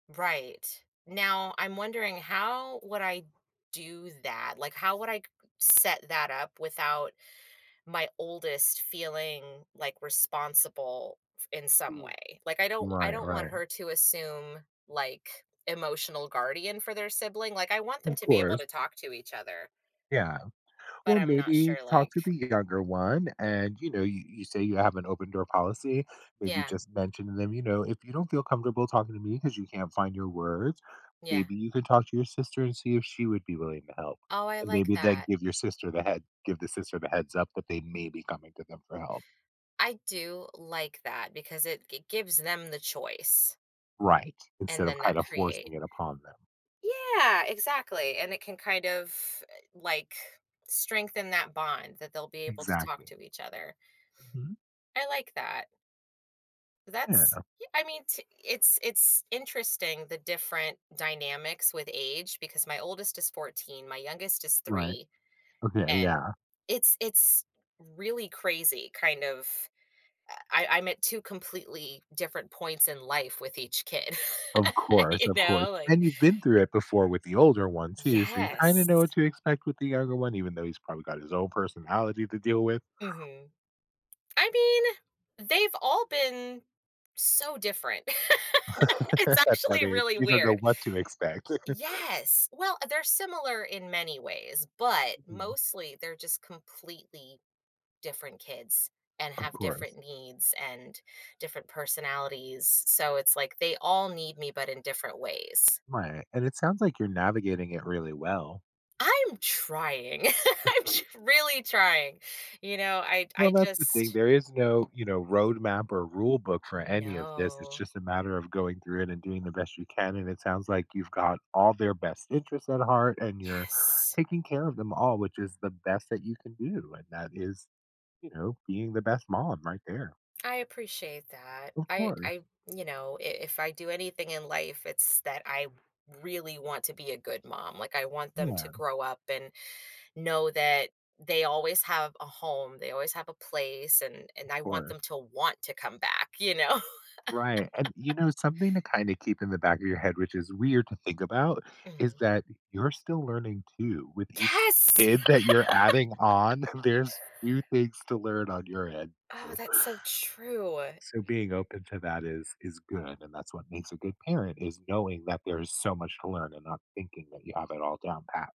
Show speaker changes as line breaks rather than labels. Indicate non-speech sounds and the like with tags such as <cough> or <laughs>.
Right. Now, I'm wondering how would I do that? Like, how would I c set that up without my oldest feeling, like, responsible f in some
Mm.
way? Like, I don't I
Right,
don't want
right.
her to assume, like, emotional guardian for their sibling, like, I want them
Of
to be able
course.
to talk to each other.
Yeah,
But
well,
I'm not
maybe
sure,
talk
like
to the younger one and, you know, you you say you have an open-door policy, maybe
Yeah.
just mention to them, "You know, if you don't feel comfortable talking to me 'cause you can't find your words,
Yeah.
maybe you could talk to your sister and see if she would be willing to help."
Oh, I
And
like
maybe then
that.
give your sister the head give the sister the heads-up that they may be coming to them for help.
I do like that, because it g gives them the choice
Right. Instead
and
of,
then that
kind of,
create
forcing it upon them.
Yeah! Exactly, and it can kind of, uh, like, strengthen that bond that they'll be able to talk
Exactly.
to each other.
Mhm.
I like that.
Yeah,
That's
no.
y I mean, t it's it's interesting the different dynamics with age because my oldest is 14, my youngest is
Right.
3,
Okay,
and
yeah.
it's it's really crazy kind of, uh, I I'm at 2 completely different points in life with each kid,
Of
<laughs>
course,
you
of course,
know, like
and you've been through it before with the older one too, so you kinda know what
Yes.
to expect with the younger one, even though he's probably got his own personality to deal with.
Mhm. I mean, they've all been so different. <laughs> It's
<laughs> I
actually
mean,
really
you don't know
weird.
what to expect. <laughs>
Yes! Well, they're similar in many ways, but
Mhm.
mostly they're just completely different kids, and
Of
have
course.
different needs and, different personalities, so it's, like, they all need me, but in different ways.
Right, and it sounds like you're navigating it really well.
I'm trying, <laughs> I'm tr
<laughs>
really trying. You know, I'd
Well,
I
that's the thing,
just
there is no, you know, road map or rule book for any of this, it's
No.
just a matter of going through it and doing the best you can, and it sounds like you've got all their best interests at heart and you're
Yes!
taking care of them all, which is the best that you can do, and that is, you know, being the best mom right there.
I appreciate that.
Of
I I
course.
you know, i if I do anything in life, it's that I r really want to be a good mom, like, I want them to
Yeah.
grow up and know that they always have a home, they always have a place, and and
Of
I want them
course.
to want to come back, you know?
Right and, you
<laughs>
know, something to kinda keep in the back of your head- which is weird to think about, is
Mhm.
that you're still learning too with each
Yes!
kid that you're adding
<laughs>
on, there's new things to learn on your end,
Oh,
too.
that's so true.
So being open to that is is good, and that's what makes a good parent is knowing that there's so much to learn and not thinking that you have it all down pat.